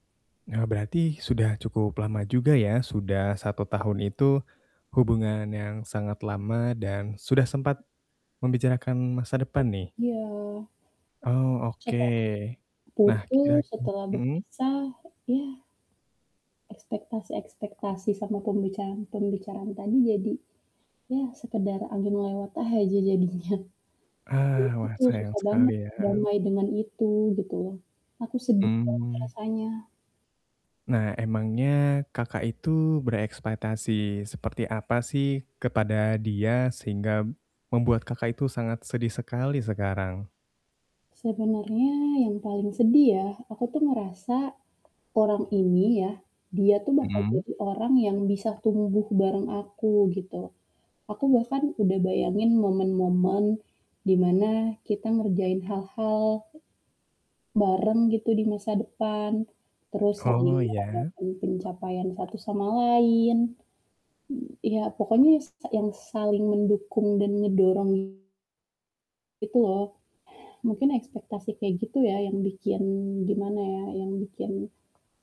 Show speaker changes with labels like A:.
A: Eee, berarti sudah cukup lama juga ya, sudah 1 tahun itu, hubungan yang sangat lama dan sudah sempat membicarakan masa depan nih?
B: iya.
A: Oh, oke.
B: Chat-an
A: Nah,
B: putus,
A: kira-kir
B: setelah
A: mmm?
B: berpisah, ya. Ekspektasi-ekspektasi sama pembicaraan-pembicaraan tadi jadi ya sekedar angin lewat aja jadinya. Nah
A: Ah,
B: itu
A: wah
B: tuh
A: sayang
B: susah
A: sekali
B: banget
A: ya.
B: berdamai dengan itu, gitu loh. Aku sedih banget
A: Mmm.
B: rasanya.
A: Nah, emangnya Kakak itu berekspektasi seperti apa sih kepada dia, sehingga membuat Kakak itu sangat sedih sekali sekarang?
B: Sebenarnya yang paling sedih ya, aku tuh ngerasa orang ini ya, dia tuh bakal
A: Mmm.
B: jadi orang yang bisa tumbuh bareng aku gitu. Aku bahkan udah bayangin momen-momen dimana kita ngerjain hal-hal bareng gitu di masa depan, terus saling
A: Oh ya.
B: merayakan pencapaian satu sama lain. M ya pokoknya s yang saling mendukung dan ngedorong gitu loh, mungkin ekspektasi kayak gitu ya yang bikin, gimana ya, yang bikin